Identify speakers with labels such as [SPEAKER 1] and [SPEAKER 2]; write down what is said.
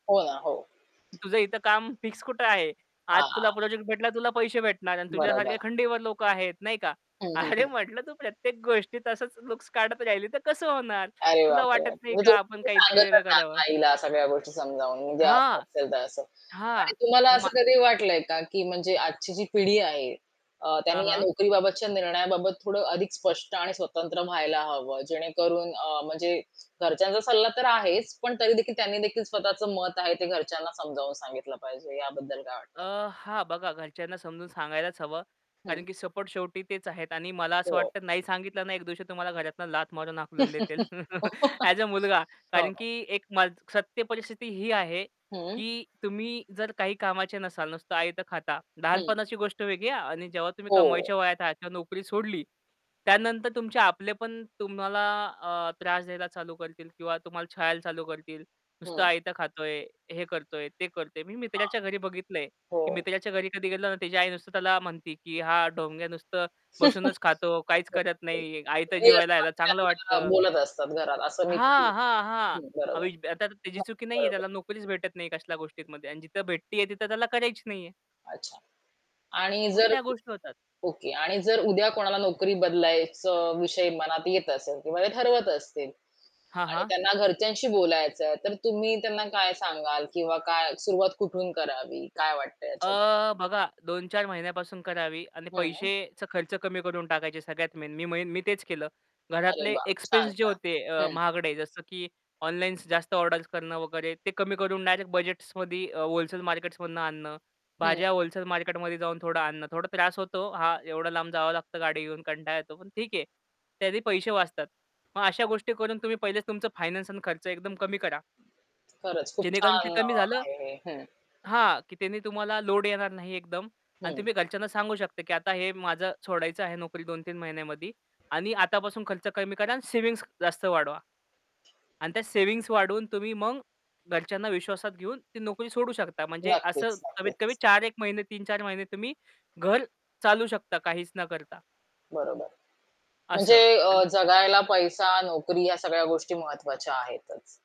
[SPEAKER 1] हो, ना, हो.
[SPEAKER 2] तुझं इथं काम फिक्स कुठे आहे? आज तुला
[SPEAKER 1] हां.
[SPEAKER 2] प्रोजेक्ट भेटला. तुला पैसे भेटणार आणि
[SPEAKER 1] बरं,
[SPEAKER 2] तुझ्यासारख्या
[SPEAKER 1] बरं.
[SPEAKER 2] खंडीवर लोकं आहेत, नाही का?
[SPEAKER 1] हं, हं,
[SPEAKER 2] अरे
[SPEAKER 1] हं.
[SPEAKER 2] म्हटलं, तू प्रत्येक गोष्टी तसंच लुक्स काढत राहिली, तर कसं होणार?
[SPEAKER 1] अरे
[SPEAKER 2] तुला
[SPEAKER 1] बापरे!
[SPEAKER 2] वाटत नाही
[SPEAKER 1] म्हणजे
[SPEAKER 2] का, आपण
[SPEAKER 1] [unintelligible]
[SPEAKER 2] काहीतरी
[SPEAKER 1] सांगतच
[SPEAKER 2] वेगळं
[SPEAKER 1] आ
[SPEAKER 2] करावं.
[SPEAKER 1] आईला सगळ्या गोष्टी समजावून, म्हणजे असं
[SPEAKER 2] हां,
[SPEAKER 1] असेल, तर असं आणि
[SPEAKER 2] हां,
[SPEAKER 1] तुम्हाला
[SPEAKER 2] मा
[SPEAKER 1] असं कधी वाटलंय का? की म्हणजे आजची जी पिढी आहे, अ,
[SPEAKER 2] हां,
[SPEAKER 1] त्यांनी या
[SPEAKER 2] हां.
[SPEAKER 1] नोकरीबाबतच्या निर्णयाबाबत थोडं अधिक स्पष्ट आणि स्वतंत्र व्हायला हवं. जेणेकरून अ, म्हणजे घरच्यांचा सल्ला तर आहेच, पण तरी देखील त्यांनी देखील स्वतःचं मत आहे, ते घरच्यांना समजावून सांगितलं पाहिजे. याबद्दल काय
[SPEAKER 2] अ,
[SPEAKER 1] वाटतं?
[SPEAKER 2] हां, बघा. घरच्यांना समजून सांगायलाच हवं,
[SPEAKER 1] हं.
[SPEAKER 2] कारण की सपोर्ट शेवटी तेच आहेत आणि मला असं
[SPEAKER 1] हो.
[SPEAKER 2] वाटतं, नाही सांगितलं ना एक दिवशी तुम्हाला घरातून लाथ मारून हाकलून देतील. ॲज अ मुलगा,
[SPEAKER 1] हो.
[SPEAKER 2] कारण की एक सत्य परिस्थिती ही आहे,
[SPEAKER 1] हं.
[SPEAKER 2] की तुम्ही जर काही कामाचे नसाल, नुसतं आयतं खाता,
[SPEAKER 1] हं.
[SPEAKER 2] लहानपणाची गोष्ट वेगळी आहे आणि जेव्हा तुम्ही
[SPEAKER 1] हो.
[SPEAKER 2] कमायच्या वयात आहात, नोकरी सोडली. त्यानंतर तुमचे आपले पण तुम्हाला अ, त्रास द्यायला चालू करतील किंवा तुम्हाला छळायला चालू करतील. "नुसतं
[SPEAKER 1] हं.
[SPEAKER 2] आयतं खातोय, हे करतोय, ते करतोय." मी
[SPEAKER 1] हां.
[SPEAKER 2] मित्राच्या घरी बघितलंय. की
[SPEAKER 1] हो.
[SPEAKER 2] मित्राच्या घरी कधी गेलो ना, तिची आई नुसतं त्याला म्हणते, की "हा ढोंग्या नुसतं बसूनच खातो, काहीच करत
[SPEAKER 1] बघतोय.
[SPEAKER 2] नाही. आयतं
[SPEAKER 1] घरी
[SPEAKER 2] जेवायला
[SPEAKER 1] असतात,
[SPEAKER 2] यायला, चांगलं
[SPEAKER 1] त्यांना
[SPEAKER 2] वाटतं."
[SPEAKER 1] बोलत असतात घरात असं. मी पण
[SPEAKER 2] हां, हां, हां,
[SPEAKER 1] हं. बरोबर.
[SPEAKER 2] [unintelligible] आता त्याची
[SPEAKER 1] हां,
[SPEAKER 2] चुकी नाहीये.
[SPEAKER 1] बरोबर.
[SPEAKER 2] त्याला नोकरीच भेटत नाही. कसल्या गोष्टीमध्ये आणि जिथं भेटती आहे, तिथं त्याला करायची नाहीये.
[SPEAKER 1] अच्छा. आणि
[SPEAKER 2] मग
[SPEAKER 1] जर
[SPEAKER 2] त्या गोष्टी होतात.
[SPEAKER 1] ओके. आणि जर उद्या कोणाला नोकरी बदलायचं विषय मनात येत असेल किंवा ते ठरवत असतील
[SPEAKER 2] हां,
[SPEAKER 1] आणि
[SPEAKER 2] हां.
[SPEAKER 1] त्यांना घरच्यांशी बोलायचंय, तर तुम्ही त्यांना काय सांगाल? किंवा काय सुरुवात कुठून करावी? काय वाटतंय याच्याब
[SPEAKER 2] अ, बघा. 2-4 महिन्यापासून करावी आणि
[SPEAKER 1] हं.
[SPEAKER 2] पैशाचा खर्च कमी करून टाकायचे. सगळ्यात मेन, मी मी तेच केलं.
[SPEAKER 1] अरे
[SPEAKER 2] घरातले
[SPEAKER 1] वा! छान,
[SPEAKER 2] एक्सपेन्स जे
[SPEAKER 1] छान.
[SPEAKER 2] होते, अ,
[SPEAKER 1] हं.
[SPEAKER 2] महागडे, जसं की ऑनलाईन जास्त ऑर्डर्स करणं वगैरे, ते कमी करून डायरेक्ट बजेट्समध्ये अ, व्होलसेल मार्केट्समधनं आणणं.
[SPEAKER 1] हं.
[SPEAKER 2] भाज्या व्होलसेल मार्केटमध्ये जाऊन थोडा आणणं. थोडा त्रास होतो, हां, एवढा लांब जावं लागतं गाडी घेऊन. कंटाळा येतो. पण ठीक आहे. त्याचे पैसे वाचतात. मग अशा गोष्टी करून तुम्ही पहिलेच तुमचं फायनान्स आणि खर्च एकदम कमी करा.
[SPEAKER 1] खरंच, खूप
[SPEAKER 2] जेणेकरून ते
[SPEAKER 1] छान अ,
[SPEAKER 2] कमी झालं
[SPEAKER 1] आहे हे. हं.
[SPEAKER 2] हां, की त्यांनी तुम्हाला लोड येणार नाही एकदम आणि
[SPEAKER 1] हं.
[SPEAKER 2] तुम्ही घरच्यांना सांगू शकता, की आता हे माझं सोडायचं आहे नोकरी 2-3 महिन्यामध्ये आणि आतापासून खर्च कमी करा आणि सेव्हिंग्ज जास्त वाढवा. आणि त्या सेव्हिंग्ज वाढवून, तुम्ही मग घरच्यांना विश्वासात घेऊन, ती नोकरी सोडू शकता. म्हणजे असं
[SPEAKER 1] नक्कीच, नक्कीच.
[SPEAKER 2] कमीत-कमी 4 एक महिने 3-4 महिने तुम्ही घर चालवू शकता, काहीच न करता.
[SPEAKER 1] बरोबर. म्हणजे
[SPEAKER 2] असं. आणि
[SPEAKER 1] अ, जगायला पैसा, नोकरी ह्या सगळ्या गोष्टी महत्वाच्या आहेतच.